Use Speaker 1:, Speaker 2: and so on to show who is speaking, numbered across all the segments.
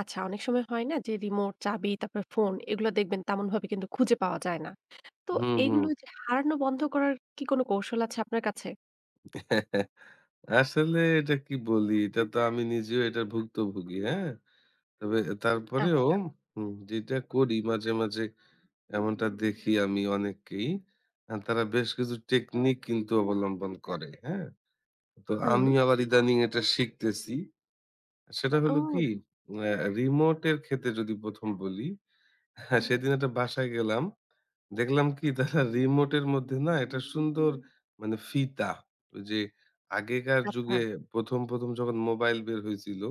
Speaker 1: আচ্ছা অনেক সময় হয় না? যে রিমোট, চাবি, তারপরে ফোন এগুলো দেখবেন তেমনভাবে কিন্তু খুঁজে পাওয়া যায় না। তো
Speaker 2: হুম,
Speaker 1: এগুলো
Speaker 2: হুম।
Speaker 1: ঐ যে হারানো বন্ধ করার কি কোন কৌশল আছে আপনার কাছে?
Speaker 2: আসলে এটা কি বলি? এটা তো আমি নিজেও এটা ভুক্তভোগি হ্যাঁ? তবে তারপরেও
Speaker 1: আচ্ছা।
Speaker 2: উম যেটা করি মাঝে, মাঝে এমনটা দেখি আমি অনেককেই। আ তারা বেশ কিছু টেকনিক কিন্তু অবলম্বন করে। হ্যাঁ? তো
Speaker 1: হুম।
Speaker 2: আমি আবার ইদানিং এটা শিখতেছি। সেটা হলো কি
Speaker 1: ও।
Speaker 2: আ রিমোট এর ক্ষেত্রে যদি ১ম বলি, সেদিন একটা বাসায় গেলাম। দেখলাম কি তারা রিমোটের মধ্যে না একটা সুন্দর মানে ফিতা। ঐ যে আগেকার
Speaker 1: আচ্ছা।
Speaker 2: যুগে প্রথম, প্রথম যখন মোবাইল বের হয়েছিল,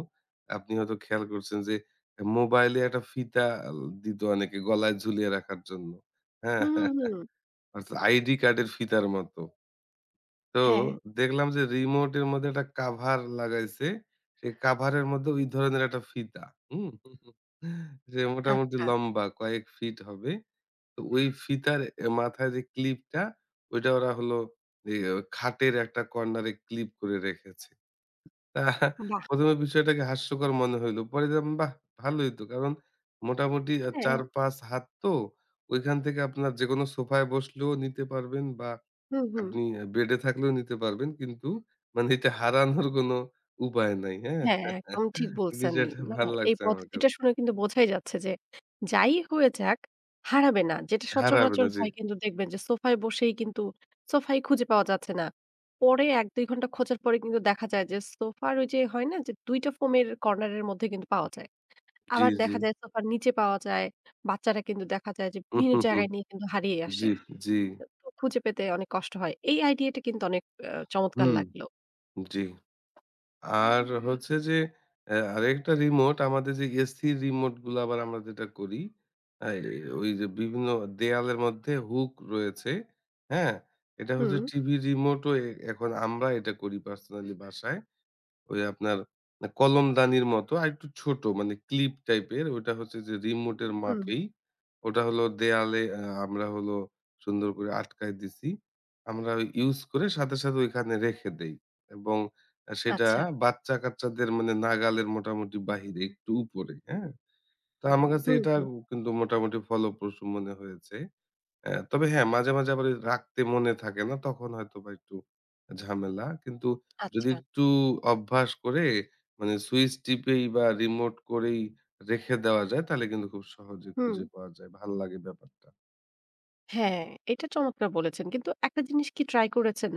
Speaker 2: আপনি হয়তো খেয়াল করছেন যে আ মোবাইলে একটা ফিতা আ দিত অনেকে গলায় ঝুলিয়ে রাখার জন্য। হ্যাঁ?
Speaker 1: হুম, হুম, হুম।
Speaker 2: অর্থাৎ আইডি কার্ডের ফিতার মতো। তো
Speaker 1: হ্যাঁ।
Speaker 2: দেখলাম যে রিমোটের মধ্যে একটা কভার লাগাইছে। সেই কভার এর মধ্যে ওই ধরনের একটা ফিতা, হুম? সে মোটামুটি
Speaker 1: আচ্ছা।
Speaker 2: লম্বা কয়েক ফিট হবে। তো ওই ফিতার এ মাথায় যে ক্লিপ টা ঐটা ওরা হলো ওই খাটের একটা কর্নার এ ক্লিপ করে রেখেছে।
Speaker 1: বাহ্!
Speaker 2: ১ম এ বিষয়টাকে হাস্যকর মনে হইল। পরে দেখলাম বাহ ভালো হইতো। কারণ মোটামুটি আ
Speaker 1: হ্যাঁ।
Speaker 2: ৪ ৫ হাত তো ঐখান থেকে আপনার যেকোনো সোফায় বসলেও নিতে পারবেন বা
Speaker 1: হুম, হুম।
Speaker 2: আপনি আ বেডে থাকলেও নিতে পারবেন। কিন্তু মানে এটা হারানোর কোন উপায় নাই। হ্যাঁ?
Speaker 1: হ্যাঁ, একদম ঠিক বলছেন।
Speaker 2: বিষয়টা
Speaker 1: মানে
Speaker 2: ভাল
Speaker 1: এই
Speaker 2: লাগছে আমার কাছে।
Speaker 1: পদ্ধতিটা শুনে কিন্তু বোঝাই যাচ্ছে যে যাই হয়ে যাক হারাবে না। যেটা
Speaker 2: হারাবে
Speaker 1: সচরাচর
Speaker 2: না, জি।
Speaker 1: হয় কিন্তু দেখবেন যে সোফায় বসেই কিন্তু সোফায় খুঁজে পাওয়া যাচ্ছে না। পরে ১ ২ ঘন্টা খোঁজার পরে কিন্তু দেখা যায় যে সোফার ওই যে হয় না যে ২ টা ফোমের কর্নার এর মধ্যে কিন্তু পাওয়া যায়।
Speaker 2: জি,
Speaker 1: আবার
Speaker 2: জি।
Speaker 1: দেখা যায় সোফার নিচে পাওয়া যায়। বাচ্চারা কিন্তু দেখা যায় যে বিভিন্ন জায়গায় নিয়ে কিন্তু হারিয়ে আসে।
Speaker 2: জি, জি।
Speaker 1: তো খুঁজে পেতে অনেক কষ্ট হয়। এই আইডিইয়া টা কিন্তু অনেক আ চমৎকার
Speaker 2: হুম,
Speaker 1: লাগলো।
Speaker 2: জি। আর হচ্ছে যে এ আরেকটা রিমোট আমাদের যে এসি রিমোট গুলো আবার আমরা যেটা করি। আ এই ওই যে বিভিন্ন দেওয়ালের মধ্যে হুক রয়েছে। হ্যাঁ? এটা হচ্ছে
Speaker 1: হুম।
Speaker 2: টিভি রিমোট ও এ এ এখন আমরা এটা করি পার্সোনালি বাসায়। ওই আপনার এ কলমদানির মতো আরেকটু ছোট মানে ক্লিপ টাইপের ঐটা হচ্ছে যে রিমোট এর
Speaker 1: হুম।
Speaker 2: মাপেই। ওটা হল দেয়ালে আ আমরা হলো সুন্দর করে আটকায় দিছি। আমরা ইউস করে সাথে, সাথে ঐখানে রেখে দেই। এবং সেটা আ
Speaker 1: আচ্ছা।
Speaker 2: বাচ্চা কাচ্চাদের মানে নাগালের মোটামুটি বাহিরে একটু উপরে। হ্যাঁ? তো আমার কাছে
Speaker 1: হুম,
Speaker 2: এটা
Speaker 1: হুম।
Speaker 2: কিন্তু মোটামুটি ফলোপ্রসূ মনে হয়েছে। আ তবে হ্যাঁ মাঝে, মাঝে আবার রাখতে মনে থাকে না। তখন হয়তো বা একটু ঝামেলা। কিন্তু যদি
Speaker 1: আচ্ছা।
Speaker 2: একটু অভ্যাস করে মানে সুইচ টিপে বা রিমোট করেই রেখে দেওয়া যায়। তাহলে কিন্তু খুব সহজেই খুঁজে
Speaker 1: হুম।
Speaker 2: পাওয়া যায়। ভাল লাগে ব্যাপারটা।
Speaker 1: হ্যাঁ, এটা চমৎকার বলেছেন। কিন্তু একটা জিনিস কি ট্রাই করেছেন?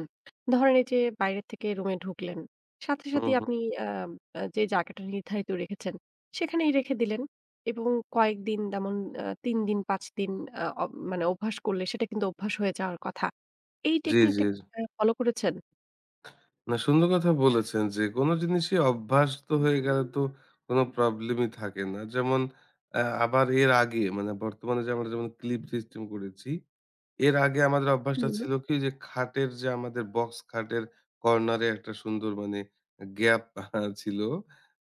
Speaker 1: ধরেন এইযে বাইরে থেকে রুমে ঢুকলেন। সাথে,
Speaker 2: হুম,
Speaker 1: সাথেই
Speaker 2: হুম।
Speaker 1: আপনি আ আ যে জায়গাটা নির্ধারিত রেখেছেন, সেখানেই রেখে দিলেন এবং কয়েকদিন তেমন আ ৩ দিন, ৫ দিন আ অব মানে অভ্যাস করলে সেটা কিন্তু অভ্যাস হয়ে যাওয়ার কথা। এই
Speaker 2: জি, জি।
Speaker 1: টেকনিকটা আ ফলো করেছেন?
Speaker 2: না, সুন্দর কথা বলেছেন যে কোন জিনিসই অভ্যস্ত হয়ে গেলে তো কোন প্রবলেমই থাকে না। যেমন আ আবার এর আগে মানে বর্তমানে যে আমরা যেমন ক্লিপ সিস্টেম করেছি, এর আগে আমাদের অভ্যাসটা
Speaker 1: হুম।
Speaker 2: ছিল কি? যে খাটের যে আমাদের বক্স খাটের কর্নারে একটা সুন্দর মানে গ্যাপ আ ছিল।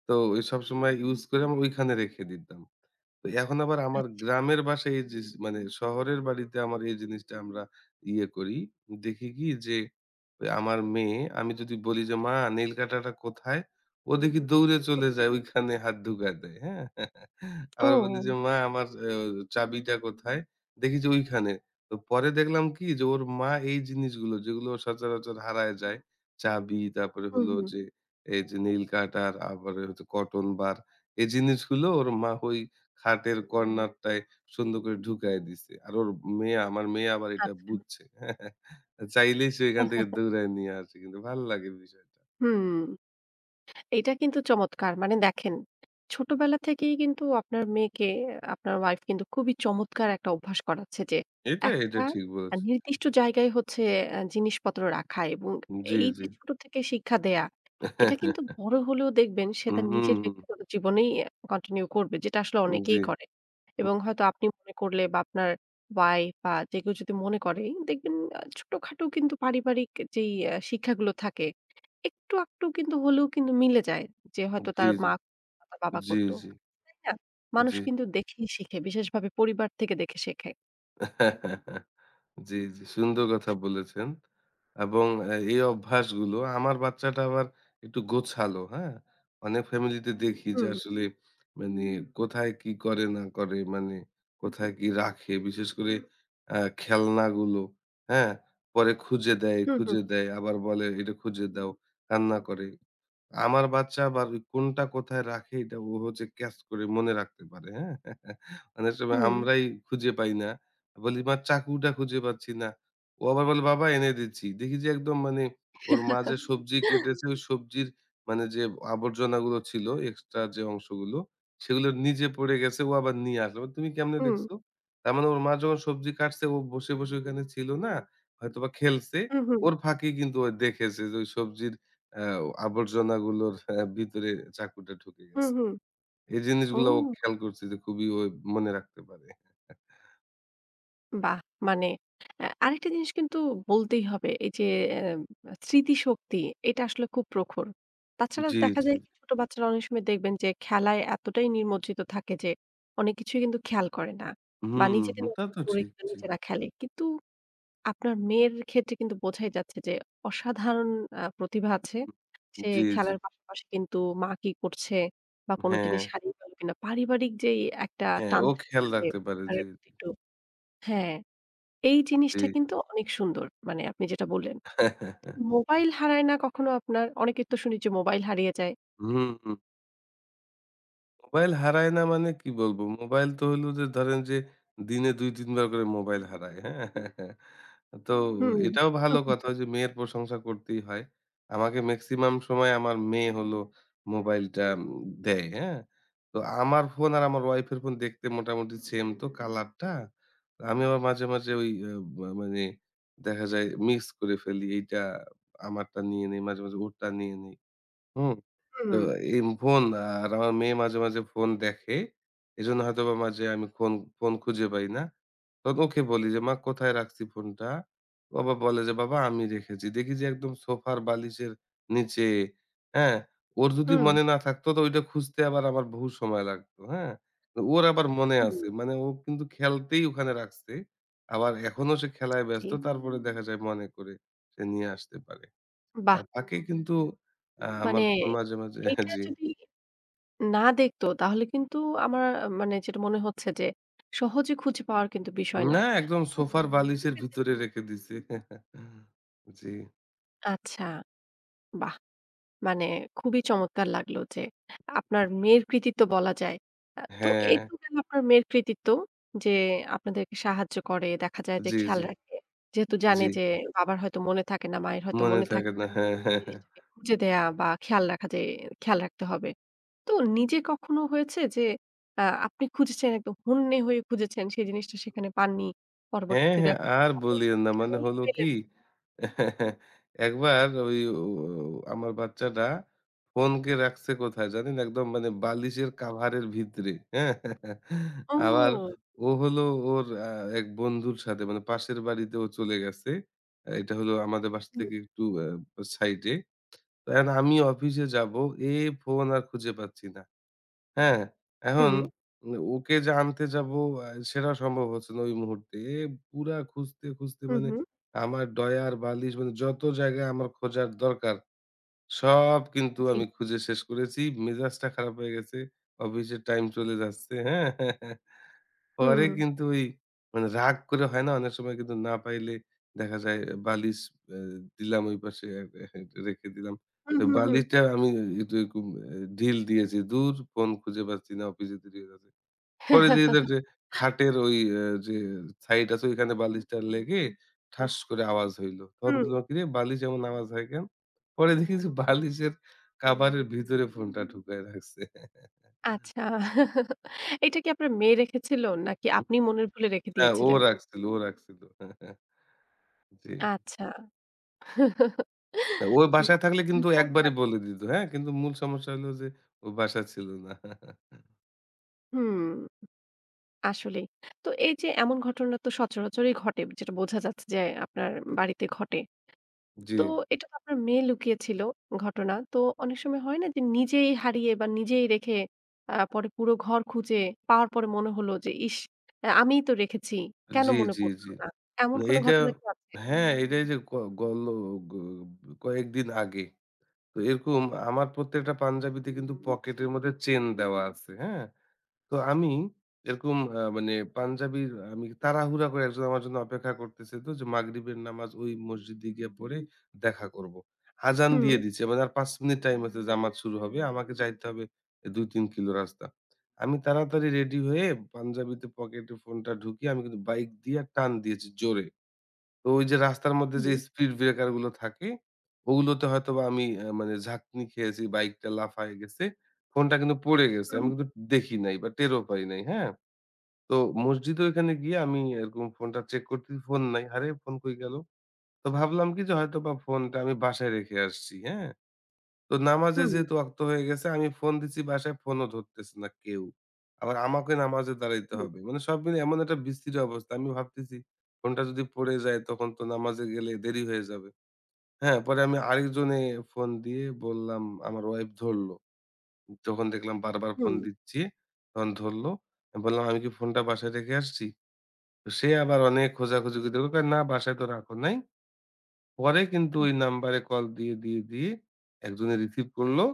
Speaker 2: তো ওই সবসময় ইউজ করে আমি ঐখানে রেখে দিতাম। তো এখন আবার আমার
Speaker 1: আচ্ছা।
Speaker 2: গ্রামের বাসায় এইযে যে মানে শহরের বাড়িতে আমার এই জিনিসটা আমরা ইয়ে করি। দেখি কি? যে আমার মেয়ে আমি যদি বলি যে, "মা নেইল কাটারটা কোথায়?" ও দেখি দৌড়ে চলে যায় ঐখানে হাত ঢুকায় দেয়। হ্যাঁ? আবার বলি যে,
Speaker 1: ও।
Speaker 2: "মা আমার আ চাবিটা কোথায়?" দেখি যে ঐখানে। ত পরে দেখলাম কি? যে ওর মা এই জিনিসগুলো যেগুলো সচরাচর হারায় যায়। চাবি তারপরে
Speaker 1: হুম,
Speaker 2: হলো
Speaker 1: হুম।
Speaker 2: যে এইযে নেইল কাটার, আবার এইযে কটন বার, এই জিনিসগুলো ওর মা ঐ খাটের কর্নারটায় সুন্দর করে ঢুকাইয়া দিছে। আর ওর মেয়ে আমার মেয়ে আবার এটা
Speaker 1: আচ্ছা।
Speaker 2: বুঝছে। চাইলেই সে এখান থেকে দৌড়ায় নিয়ে আসে। কিন্তু ভাল লাগে বিষয়টা।
Speaker 1: হুম, এটা কিন্তু চমৎকার। মানে দেখেন, ছোটবেলা থেকেই কিন্তু আপনার মেয়েকে আপনার ওয়াইফ কিন্তু খুবই চমৎকার একটা অভ্যাস করাচ্ছে যে
Speaker 2: এটা এটা
Speaker 1: একটা
Speaker 2: ঠিক
Speaker 1: আ
Speaker 2: বলেছেন। কি
Speaker 1: নির্দিষ্ট জায়গায় হচ্ছে আ জিনিসপত্র রাখা এবং
Speaker 2: জি, জি।
Speaker 1: এইযে ছোট থেকে শিক্ষা দেয়া, এটা কিন্তু বড় হলেও দেখবেন সে
Speaker 2: হুম,
Speaker 1: তার নিজের
Speaker 2: হুম।
Speaker 1: ব্যক্তিগত জীবনেই আ continue করবে। যেটা আসলে
Speaker 2: উম জি।
Speaker 1: অনেকেই করে।
Speaker 2: হু।
Speaker 1: এবং হয়তো আপনি মনে করলে বা আপনার ওয়াইফ বা যে কেউ যদি মনে করে, এই দেখবেন ছোটখাটো কিন্তু পারিবারিক এ যেই আ শিক্ষাগুলো থাকে, একটু-আকটু কিন্তু হলেও কিন্তু মিলে যায়। যে হয়তো
Speaker 2: জি,
Speaker 1: তার
Speaker 2: জি।
Speaker 1: মা [unintelligible] বা, বাবা
Speaker 2: জি,
Speaker 1: করতো।
Speaker 2: জি।
Speaker 1: তাই না? মানুষ
Speaker 2: জি।
Speaker 1: কিন্তু দেখেই শিখে বিশেষভাবে পরিবার থেকে দেখে শেখে।
Speaker 2: জি, জি সুন্দর কথা বলেছেন। এবং আ এই অভ্যাসগুলো, আমার বাচ্চাটা আবার একটু গোছালো, হ্যাঁ? অনেক ফ্যামিলিতে দেখি যে,
Speaker 1: হুম।
Speaker 2: আসলে মানে কোথায় কি করে না করে, মানে কোথায় কি রাখে বিশেষ করে আ খেলনাগুলো, হ্যাঁ? পরে খুঁজে দেয়,
Speaker 1: হুম, হুম।
Speaker 2: খুঁজে দেয় আবার বলে, "এটা খুঁজে দাও।" কান্না করে। আমার বাচ্চা আবার কোনটা কোথায় রাখে এটা ও হচ্ছে ক্যাচ করে মনে রাখতে পারে, হ্যাঁ? অনেক সময়
Speaker 1: হুম।
Speaker 2: আমরাই খুঁজে পাই না। বলি, "মা চাকুটা খুঁজে পাচ্ছি না।" ও আবার বলে, "বাবা এনে দিচ্ছি।" দেখি যে একদম মানে ওর মা যে সবজি কেটেছে, সবজির মানে যে আবর্জনা গুলো ছিল, এক্সট্রা যে অংশগুলো, সেগুলো নিজে পড়ে গেছে, ও আবার নিয়ে আসে, [unintelligible] "তুমি কেমনে
Speaker 1: হুম।
Speaker 2: দেখছো?" তার মানে ওর মা যখন সবজি কাটছে ও বসে, বসে ওখানে ছিল না? হয়তোবা খেলছে।
Speaker 1: হুম, হুম।
Speaker 2: ওর ফাঁকে কিন্তু ও দেখেছে যে ঐ সবজির অ্যাও আবর্জনাগুলোর আ ভিতরে চাকুটা ঢুকে
Speaker 1: হুম,
Speaker 2: গেছে।
Speaker 1: হুম।
Speaker 2: এই
Speaker 1: ও!
Speaker 2: জিনিসগুলা ও খেয়াল করছে যে খুবই ওই মনে রাখতে পারে।
Speaker 1: বাহ! মানে [unintelligible] আ আরেকটা জিনিস কিন্তু বলতেই হবে, এই যে অ্যা মা স্মৃতিশক্তি, এটা আসলে খুব প্রখর। তাছাড়া
Speaker 2: জি,
Speaker 1: দেখা
Speaker 2: জি।
Speaker 1: যায় কি ছোট বাচ্চারা অনেক সময় দেখবেন যে খেলায় এতটাই নিমজ্জিত থাকে যে, অনেক কিছুই কিন্তু খেয়াল করে না। বা
Speaker 2: হুম,
Speaker 1: নিজেদের
Speaker 2: হুম তা
Speaker 1: মতন
Speaker 2: তো
Speaker 1: করে
Speaker 2: ঠিক। জি।
Speaker 1: নিজেরা খেলে। কিন্তু আপনার মেয়ের ক্ষেত্রে কিন্তু বোঝাই যাচ্ছে যে অসাধারণ আ প্রতিভা আছে।
Speaker 2: [unintelligible]
Speaker 1: সে
Speaker 2: জি, জি।
Speaker 1: খেলার পাশাপাশি কিন্তু মা কি করছে বা কোন জিনিস
Speaker 2: হ্যাঁ।
Speaker 1: হারিয়ে গেল কিনা পারিবারিক যেই একটা
Speaker 2: হ্যাঁ,
Speaker 1: টান
Speaker 2: ও
Speaker 1: থাকে
Speaker 2: খেয়াল
Speaker 1: না যে
Speaker 2: রাখতে পারে জি,
Speaker 1: পরিবারের প্রতি
Speaker 2: জি।
Speaker 1: একটু হ্যাঁ, এই
Speaker 2: জি।
Speaker 1: জিনিসটা কিন্তু অনেক সুন্দর। মানে আপনি যেটা বললেন। তো মোবাইল হারায় না কখনো আপনার? অনেকের তো শুনি যে মোবাইল হারিয়ে যায়।
Speaker 2: হুম, হুম। মোবাইল হারায় না মানে কি বলব? মোবাইল তো হইলো যে ধরেন যে, দিনে ২-৩ বার করে মোবাইল হারায়, হ্যাঁ? তো
Speaker 1: হুম।
Speaker 2: এটাও ভালো কথা যে মেয়ের প্রশংসা করতেই হয়। আমাকে মেক্সিমাম সময় আমার মেয়ে হলো, মোবাইলটা উম দেয়, হ্যাঁ? তো আমার ফোন আর আমার ওয়াইফ এর ফোন দেখতে মোটামুটি সেম তো কালার টা। আমি আবার মাঝে, মাঝে ঐ
Speaker 1: হু।
Speaker 2: আ মা মানে দেখা যায় মিক্স করে ফেলি। এইটা আমারটা নিয়ে নেই, মাঝে, মাঝে ওরটা নিয়ে নেই, হুম?
Speaker 1: হু,
Speaker 2: তো
Speaker 1: হুম।
Speaker 2: এম ফোন আর আমার মেয়ে মাঝে, মাঝে ফোন দেখে। এজন্য হয়তোবা মাঝে আমি ফোন ফোন খুঁজে পাই না। তন ওকে বলি যে, "মা কোথায় রাখছি ফোনটা?" ও আবার বলে যে, "বাবা আমি রেখেছি।" দেখি যে একদম সোফার বালিশের নিচে, হ্যাঁ? ওর যদি
Speaker 1: হুম।
Speaker 2: মনে না থাকতো তো ঐটা খুঁজতে আবার আমার বহু সময় লাগতো, হ্যাঁ? ওর আবার মনে
Speaker 1: হুম।
Speaker 2: আছে। মানে ও কিন্তু খেলতেই ওখানে রাখছে। আবার এখনো সে খেলায়
Speaker 1: জি।
Speaker 2: ব্যস্ত। তারপরে দেখা যায় মনে করে সে নিয়ে আসতে পারে। আর
Speaker 1: বাহ!
Speaker 2: বাকি কিন্তু এ্যাঁ
Speaker 1: মানে
Speaker 2: আমার ফোন মাঝে, মাঝে হ্যাঁ
Speaker 1: এইটা
Speaker 2: জ্বি।
Speaker 1: যদি না দেখতো তাহলে কিন্তু আমার আ মানে যেটা মনে হচ্ছে যে, সহজে খুঁজে পাওয়ার কিন্তু বিষয় না।
Speaker 2: না একদম
Speaker 1: হয়তো বা
Speaker 2: সোফার
Speaker 1: খুজে
Speaker 2: বালিশের
Speaker 1: পেতেন
Speaker 2: ভিতরে রেখে দিছে। জ্বি।
Speaker 1: আচ্ছা, বাহ! মানে খুবই চমৎকার লাগলো যে, আপনার মেয়ের কৃতিত্ব বলা যায়। আ তো এই
Speaker 2: হ্যাঁ।
Speaker 1: তো গেল আপনার মেয়ের কৃতিত্ব যে আপনাদেরকে সাহায্য করে, দেখা যায় যে
Speaker 2: জি,
Speaker 1: খেয়াল
Speaker 2: জি।
Speaker 1: রাখে। যেহেতু জানে
Speaker 2: জি।
Speaker 1: যে বাবার হয়তো মনে থাকে না, মায়ের হয়তো
Speaker 2: মনে
Speaker 1: মনে
Speaker 2: থাকে
Speaker 1: থাকে
Speaker 2: না।
Speaker 1: না।
Speaker 2: হ্যাঁ, হ্যাঁ, হ্যাঁ।
Speaker 1: জিনিসটাকে খুঁজে দেয়া বা খেয়াল রাখা যে খেয়াল রাখতে হবে। তো নিজে কখনো হয়েছে যে, আ আপনি খুঁজেছেন, একদম হন্যে হয়ে খুঁজেছেন সেই জিনিসটা সেখানে পাননি?
Speaker 2: হ্যাঁ,
Speaker 1: পরবর্তীতে
Speaker 2: হ্যাঁ,
Speaker 1: দেখ গেল
Speaker 2: আর বলিয়েন না। মানে
Speaker 1: সেখানেই
Speaker 2: হল
Speaker 1: পেলেন।
Speaker 2: কি? একবার ওই ও ও ও আমার বাচ্চাটা ফোনকে রাখছে কোথায় জানেন? একদম মানে বালিশের কাভারের ভিতরে। হ্যাঁ? আবার
Speaker 1: ও!
Speaker 2: ও হলো ওর আ এক বন্ধুর সাথে মানে পাশের বাড়িতে ও চলে গেছে। আ এটা হলো আমাদের বাসা
Speaker 1: হুম।
Speaker 2: থেকে একটু আব আ সাইডে। এখন আমি অফিসে যাবো। এ ফোন আর খুঁজে পাচ্ছি না। হ্যাঁ? এখন,
Speaker 1: হুম।
Speaker 2: ম্না ওকে যে আনতে যাব আ সেটাও সম্ভব হচ্ছে না ওই মুহূর্তে। এ পুরা খুঁজতে, খুঁজতে
Speaker 1: হু,
Speaker 2: মানে
Speaker 1: হু।
Speaker 2: আমার ড্রয়ার বালিশ মানে যত জায়গায় আমার খোঁজার দরকার, সব কিন্তু
Speaker 1: জি।
Speaker 2: আমি খুঁজে শেষ করেছি। মেজাজটা খারাপ হয়ে গেছে। অফিসের টাইম চলে যাচ্ছে। হ্যাঁ? পরে
Speaker 1: হুম।
Speaker 2: কিন্তু এই মানে রাগ করে হয় না? অনেক সময় কিন্তু না পাইলে দেখা যায় আ বালিশ আ দিলাম ঐ পাশে আ হে রেখে দিলাম।
Speaker 1: হু,
Speaker 2: আ
Speaker 1: হু, হুম।
Speaker 2: বালিশটা আমি এ এটা এরকম এ ঢিল দিয়েছি, "দূর! ফোন খুঁজে পাচ্ছি না। অফিসে দেরি হয়ে যাচ্ছে।" পরে [unintelligible] খাটের ওই আ যে সাইড আছে, ঐখানে বালিশটা লেগে ঠাস করে আওয়াজ হইলো। তখন
Speaker 1: হুম।
Speaker 2: বললাম, "কিরে? বালিশ এমন আওয়াজ হয় কেন?" পরে দেখি যে বালিশের কাভারের ভিতরে ফোনটা ঢুকায় রাখছে।
Speaker 1: আচ্ছা। এইটা কি আপনার মেয়ে রেখেছিল নাকি
Speaker 2: হু,
Speaker 1: আপনি মনের ভুলে রেখে
Speaker 2: হ্যাঁ, ও
Speaker 1: দিয়েছিলেন?
Speaker 2: রাখছিল। ও রাখছিল। জি।
Speaker 1: আচ্ছা।
Speaker 2: ওয়
Speaker 1: বাহ!
Speaker 2: বাসায় থাকলে
Speaker 1: খুবই
Speaker 2: কিন্তু একবারে
Speaker 1: চমৎকার।
Speaker 2: বলে দিত। হ্যাঁ? কিন্তু মূল সমস্যা হলো যে, ও বাসায় ছিল না।
Speaker 1: হুম। আসলেই। তো এইযে এমন ঘটনা তো সচরাচরই ঘটে। যেটা বোঝা যাচ্ছে যে আপনার বাড়িতে ঘটে। তো
Speaker 2: জি।
Speaker 1: এটা তো আপনার মেয়ে লুকিয়ে ছিল ঘটনা। তো অনেক সময় হয় না? যে নিজেই হারিয়ে বা নিজেই রেখে আ পরে পুরো ঘর খুঁজে পাওয়ার পরে মনে হলো যে, "ইশ! আ আমিই তো রেখেছি। কেন
Speaker 2: জি,
Speaker 1: মনে
Speaker 2: জি,
Speaker 1: পড়লো
Speaker 2: জি।
Speaker 1: না?" এমন
Speaker 2: না
Speaker 1: কোন
Speaker 2: এইটা
Speaker 1: ঘটনা কি আছে?
Speaker 2: হ্যাঁ, এইটাই যে ক গলো গ কয়েকদিন আগে। তো এরকম আমার প্রত্যেকটা পাঞ্জাবিতে কিন্তু পকেটের মধ্যে চেইন দেওয়া আছে। হ্যাঁ? তো আমি এরকম আ মানে পাঞ্জাবির আ আমি তাড়াহুড়া করে একজন আমার জন্য অপেক্ষা করতেছে। তো যে মাগরিবের নামাজ ওই মসজিদে গিয়ে পড়ে দেখা করবো। আযান দিয়ে
Speaker 1: হুম।
Speaker 2: দিছে। মানে আর ৫ মিনিট টাইম আছে জামাত শুরু হবে। আমাকে যাইতে হবে আ ২, ৩ কিলো রাস্তা। আমি তাড়াতাড়ি রেডি হয়ে পাঞ্জাবিতে পকেটে ফোনটা ঢুকিয়ে আমি কিন্তু বাইক দিয়া টান দিয়েছি জোরে। তো ওইযে রাস্তার মধ্যে যে
Speaker 1: হু।
Speaker 2: speed breaker গুলো থাকে, ওগুলোতে হয়তোবা আমি আ মানে ঝাঁকনি খেয়েছি, বাইকটা লাফায় গেছে। ফোনটা কিন্তু পড়ে গেছে।
Speaker 1: উ
Speaker 2: আমি
Speaker 1: হুম।
Speaker 2: কিন্তু দেখি নাই বা টেরও পাই নাই। হ্যাঁ? তো মসজিদে ঐখানে গিয়ে আমি এরকম ফোনটা চেক করছি, ফোন নাই। আরে ফোন কই গেল? তো ভাবলাম কি? যে হয়তোবা ফোনটা আমি বাসায় রেখে আসছি। হ্যাঁ? তো নামাজে
Speaker 1: হুম।
Speaker 2: যেহেতু ওয়াক্ত হয়ে গেছে আমি ফোন দিচ্ছি বাসায় ফোনও ধরতেছে না কেউ। আবার আমাকে নামাজে দাঁড়াইতে
Speaker 1: হুম।
Speaker 2: হবে। মানে সব মিলাই এমন একটা বিশ্রি অবস্থা। আমি ভাবতেছি ফোনটা যদি পড়ে যায়, তখন তো নামাজে গেলে দেরি হয়ে যাবে। হ্যাঁ, পরে আমি আরেকজনে ফোন দিয়ে বললাম। তখন আমার ওয়াইফ ধরলো। তখন দেখলাম বারবার ফোন
Speaker 1: হুম।
Speaker 2: দিচ্ছি, তখন ধরলো। আ বললাম, "আমি কি ফোনটা বাসায় রেখে আসছি?" ত সে আবার অনেক খোঁজাখুজি করে কয়, "না বাসায় তো রাখো নাই।" পরে কিন্তু ঐ নাম্বারে কল দিয়ে, দিয়ে, দিয়ে, একজনে রিসিভ করলো।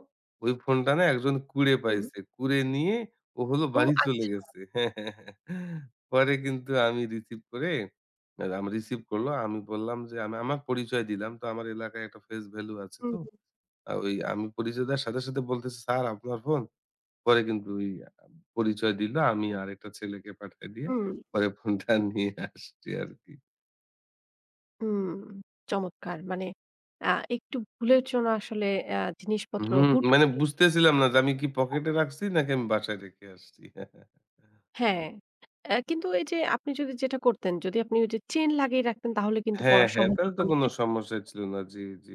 Speaker 2: ওই ফোনটা না একজন কুড়ে
Speaker 1: হুম।
Speaker 2: পাইছে। কুড়ে নিয়ে ও হলো
Speaker 1: ও,
Speaker 2: বাড়ি চলে
Speaker 1: আচ্ছা।
Speaker 2: গেছে। পরে কিন্তু আমি রিসিভ করে রাম রিসিভ করলো। আমি বললাম যে আমি আমার পরিচয় দিলাম। তো আমার এলাকায় একটা face value আছে
Speaker 1: হু,
Speaker 2: তো।
Speaker 1: হুম।
Speaker 2: আ ওই আমি পরিচয় দেয়ার সাথে, সাথে, বলতেছে, "স্যার আপনার ফোন?" পরে কিন্তু ওই আ পরিচয় দিলো। আমি আরেকটা ছেলেকে পাঠায় দিয়ে
Speaker 1: হুম।
Speaker 2: পরে ফোনটা নিয়ে আসছি আরকি।
Speaker 1: উম চমৎকার মানে আ একটু ভুলের জন্য আসলে আ জিনিসপত্র
Speaker 2: হুম,
Speaker 1: হুট
Speaker 2: মানে
Speaker 1: করে নিয়ে রাখি
Speaker 2: বুঝতেছিলাম না
Speaker 1: যাতে
Speaker 2: যে, আমি
Speaker 1: হারিয়ে
Speaker 2: কি
Speaker 1: যেতে পারে [unintelligible]
Speaker 2: পকেটে রাখছি নাকি আমি বাসায় রেখে আসছি।
Speaker 1: হ্যাঁ, আ কিন্তু এই যে আপনি যদি যেটা করতেন, যদি আপনি ওই যে চেইন লাগিয়ে রাখতেন, তাহলে কিন্তু
Speaker 2: হ্যাঁ,
Speaker 1: পড়ার
Speaker 2: হ্যাঁ,
Speaker 1: সম্ভাবনা
Speaker 2: একান্ত কোনো
Speaker 1: অনেকটাই
Speaker 2: সমস্যাই ছিল না। জি, জি।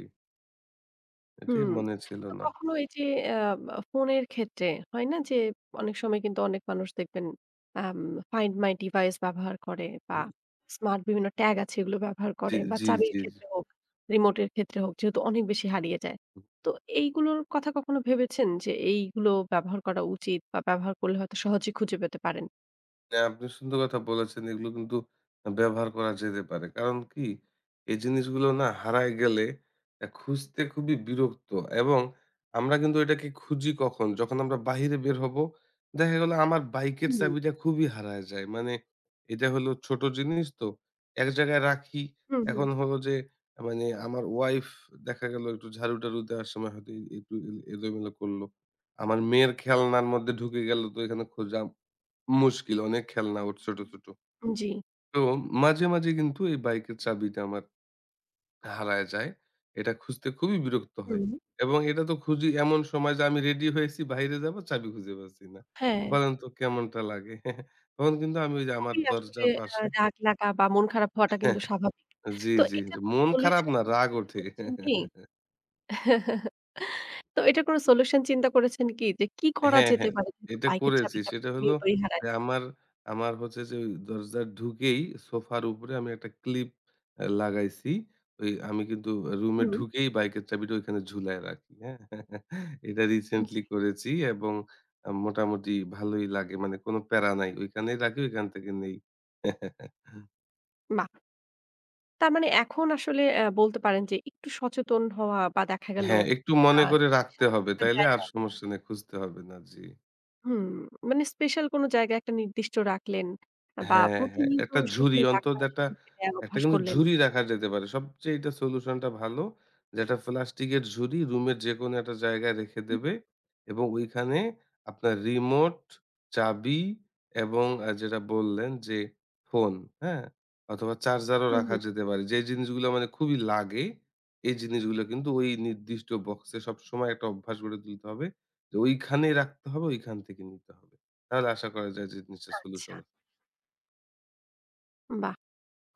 Speaker 2: এটাই
Speaker 1: হুম।
Speaker 2: মনে ছিল
Speaker 1: তো
Speaker 2: না।
Speaker 1: কখনো এই যে অ্যা মা ফোনের ক্ষেত্রে, হয় না যে অনেক সময় কিন্তু অনেক মানুষ দেখবেন আম ফাইন্ড মাই ডিভাইস ব্যবহার করে বা
Speaker 2: হুম।
Speaker 1: স্মার্ট বিভিন্ন ট্যাগ আছে, এগুলো
Speaker 2: উম
Speaker 1: ব্যবহার
Speaker 2: জি
Speaker 1: করে বা
Speaker 2: জি,
Speaker 1: চাবির
Speaker 2: জি, জি।
Speaker 1: ক্ষেত্রে হোক, রিমোট এর ক্ষেত্রে হোক, যেহেতু অনেক বেশি হারিয়ে যায়।
Speaker 2: [unintelligible]
Speaker 1: তো এইগুলোর কথা কখনো ভেবেছেন? যে এইগুলো ব্যবহার করা উচিত বা ব্যবহার করলে হয়তো সহজেই খুঁজে পেতে পারেন?
Speaker 2: হ্যাঁ, আপনি সুন্দর কথা বলেছেন। এগুলো কিন্তু আ ব্যবহার করা যেতে পারে। কারণ কি এই জিনিসগুলো না হারায় গেলে আ খুঁজতে খুবই বিরক্ত। এবং আমরা কিন্তু এটাকে খুঁজি কখন? যখন আমরা বাহিরে বের হবো, দেখা গেল আমার বাইকের
Speaker 1: হুম।
Speaker 2: চাবিটা খুবই হারায় যায়। মানে, এটা হলো ছোট জিনিস তো। এক জায়গায় রাখি।
Speaker 1: হু, হু।
Speaker 2: এখন হলো যে মানে, আমার ওয়াইফ দেখা গেল একটু ঝাড়ু-টারু দেওয়ার সময় হয়তো এ একটু এল এলোমেলো করলো। আমার মেয়ের খেলনার মধ্যে ঢুকে গেলো তো ঐখানে খোঁজা মুশকিল। অনেক খেলনা ওর ছোট, ছোট।
Speaker 1: উম জি।
Speaker 2: তো মাঝে, মাঝে কিন্তু এই বাইকের চাবিটা আমার হারায় যায়। এটা খুঁজতে খুবই বিরক্ত হয়।
Speaker 1: হুম।
Speaker 2: এবং এটা তো খুঁজি এমন সময় যে, আমি রেডি হয়েছি বাইরে যাব চাবি খুঁজে পাচ্ছিনা না।
Speaker 1: হ্যাঁ।
Speaker 2: বলেন তো কেমনটা লাগে? তখন কিন্তু আমি ঐযে আমার
Speaker 1: আমি আসলে
Speaker 2: দরজার
Speaker 1: আ
Speaker 2: পাশে
Speaker 1: রাগ লাগা বা মন খারাপ হওয়াটা কিন্তু স্বাভাবিক।
Speaker 2: আ জি,
Speaker 1: তো
Speaker 2: জি।
Speaker 1: এটা
Speaker 2: এটা
Speaker 1: [unintelligible]
Speaker 2: মন খারাপ
Speaker 1: সলিউশন
Speaker 2: না, রাগ
Speaker 1: [unintelligible] চিন্তা
Speaker 2: ওঠে।
Speaker 1: করেছেন কি তো এটার কোনো সলিউশন চিন্তা করেছেন কি? যে কি করা
Speaker 2: হ্যাঁ,
Speaker 1: যেতে
Speaker 2: হ্যাঁ।
Speaker 1: পারে যেহেতু
Speaker 2: এটা
Speaker 1: বাইকের
Speaker 2: করেছি।
Speaker 1: চাবিটা
Speaker 2: সেটা হলো
Speaker 1: প্রতিনিয়তই হারায়।
Speaker 2: এ আমার আমার হচ্ছে যে ওই দরজার ঢুকেই, সোফার উপরে আমি একটা ক্লিপ অ্যা লাগাইছি। ঐ আমি কিন্তু আ রুমে
Speaker 1: হুম।
Speaker 2: ঢুকেই বাইকের চাবিটা ঐখানে ঝুলায় রাখি, হ্যাঁ? এটা
Speaker 1: উম জি।
Speaker 2: রিসেন্টলি করেছি এবং আম মোটামুটি ভালোই লাগে। মানে কোন প্যারা নাই। ঐখানেই রাখি, ঐখান থেকে নেই।
Speaker 1: বাহ। তার মানে এখন আসলে অ্যা বলতে পারেন যে একটু সচেতন হওয়া বা দেখা গেল
Speaker 2: হ্যাঁ, একটু
Speaker 1: আ
Speaker 2: মনে করে রাখতে
Speaker 1: স্পেশাল কোন
Speaker 2: হবে।
Speaker 1: একটা
Speaker 2: তাইলে
Speaker 1: জায়গা
Speaker 2: আর সমস্যা নাই। খুঁজতে হবে না। জ্বি।
Speaker 1: হুম মানে স্পেশাল কোন জায়গায় একটা নির্দিষ্ট রাখলেন বা
Speaker 2: হ্যাঁ, হ্যাঁ। ১
Speaker 1: প্রতিনিয়ত
Speaker 2: টা ঝুড়ি
Speaker 1: সেখানে
Speaker 2: অন্তত
Speaker 1: রাখা,
Speaker 2: একটা,
Speaker 1: সেখান থেকে নেওয়ার
Speaker 2: একটা
Speaker 1: অভ্যাস
Speaker 2: কিন্তু
Speaker 1: করলেন।
Speaker 2: ঝুড়ি রাখা যেতে পারে। সবচাইতে সলিউশন টা ভালো। যে একটা প্লাস্টিকের ঝুড়ি রুমের যেকোনো একটা জায়গায় রেখে
Speaker 1: হুম।
Speaker 2: দেবে এবং ঐখানে আপনার রিমোট, চাবি এবং আ যেটা বললেন যে ফোন হ্যাঁ? অথবা চার্জারও
Speaker 1: হুম,
Speaker 2: রাখা
Speaker 1: হুম।
Speaker 2: যেতে পারে। যে জিনিসগুলো মানে খুবই লাগে, এই জিনিসগুলো কিন্তু ওই নির্দিষ্ট বক্সে সবসময় একটা অভ্যাস গড়ে তুলতে হবে। তো ঐখানেই রাখতে হবে, ঐখান থেকে নিতে হবে। তাহলে আশা করা যায় যে জিনিসটা
Speaker 1: আচ্ছা।
Speaker 2: সলিউশন হ
Speaker 1: বাহ!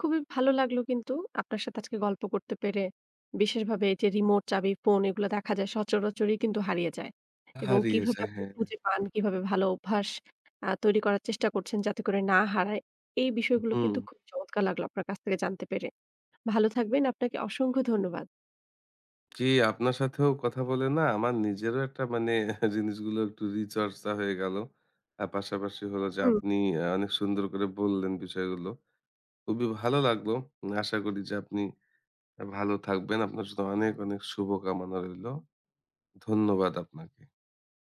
Speaker 1: খুবই ভালো লাগলো কিন্তু আপনার সাথে আজকে গল্প করতে পেরে। বিশেষভাবে এই যে রিমোট চাবি ফোন এগুলো দেখা যায় সচরাচরই কিন্তু হারিয়ে যায় এবং
Speaker 2: হারিয়ে
Speaker 1: কিভাবে
Speaker 2: যায়,
Speaker 1: আপনি
Speaker 2: হ্যাঁ, হ্যাঁ।
Speaker 1: খুঁজে পান? কিভাবে ভালো অভ্যাস আ তৈরি করার চেষ্টা করছেন যাতে করে না হারায়। এই
Speaker 2: হু,
Speaker 1: বিষয়গুলো কিন্তু
Speaker 2: হুম।
Speaker 1: খুব চমৎকার লাগলো আপনার কাছ থেকে জানতে পেরে। ভালো থাকবেন, আপনাকে অসংখ্য ধন্যবাদ।
Speaker 2: জি, আপনার সাথেও কথা বলে না, আমার নিজেরও একটা মানে জিনিসগুলো একটু রিচর্চা হয়ে গেলো। আর পাশাপাশি হলো যে
Speaker 1: হুম।
Speaker 2: আপনি আ অনেক সুন্দর করে বললেন বিষয়গুলো। খুবই ভালো লাগলো। উ আশা করি যে আপনি ভালো থাকবেন। আপনার জন্য অনেক, অনেক শুভ কামনা রইলো। ধন্যবাদ আপনাকে।